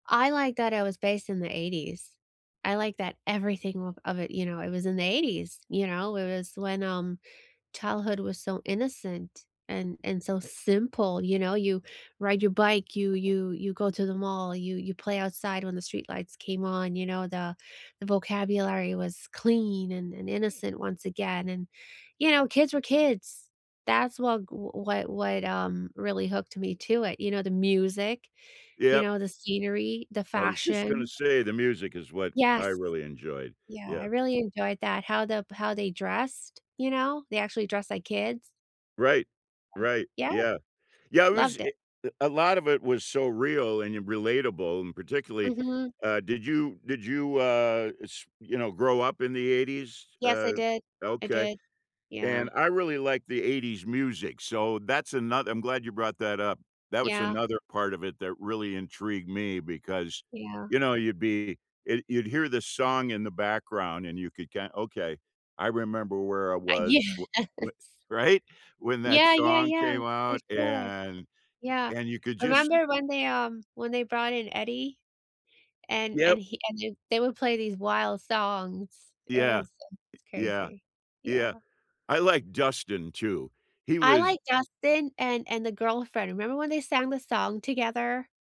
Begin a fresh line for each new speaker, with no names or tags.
I like that it was based in the ‘80s. I like that everything w of it you know, it was in the ‘80s. You know, it was when, um, childhood was so innocent, and and so simple, you know, you ride your bike, you you you go to the mall, you you play outside when the street lights came on, you know, the the vocabulary was clean, and and innocent once again, and, you know, kids were kids. That's wha g what what, um, really hooked me to it, you know, the music, you
Yep.
know, the scenery, the
I was just gonna
fashion.
say, the music is what I
Yes.
really enjoyed.
Yeah, I
Yeah.
really enjoyed that, how the how they dressed, you know? They actually dress like kids.
Right. Right,
Yeah.
yeah. Yeah, it was,
Loved
eh
it.
uh, a lot of it was so real and y relatable, and particularly,
Mhm.
uh did you did you, uh, s you know, grow up in the ‘80s?
Yes, I
Uh,
did. I
okay.
did. Yeah.
And I really like the ‘80s music, so that's ano I'm glad you brought that up. That was
Yeah.
another part of it that really intrigued me, because,
Yeah.
you know, you'd be eh, you'd hear this song in the background, and you could ki "Okay, I remember where I
Uh
was
yes.
w wh" Right? When that
Yeah, yeah,
song
yeah.
came
For
out,
sure.
and
Yeah.
and you could
I
just
remember when they, um when they brought in Eddie, and and
Yep.
he and j they would play these wild songs, it was
Yeah. Eh,
it was
yeah.
crazy. Yeah.
Yeah. I like Dustin too. He
I
was
liked Dustin and and the girlfriend. Remember when they sang the song together?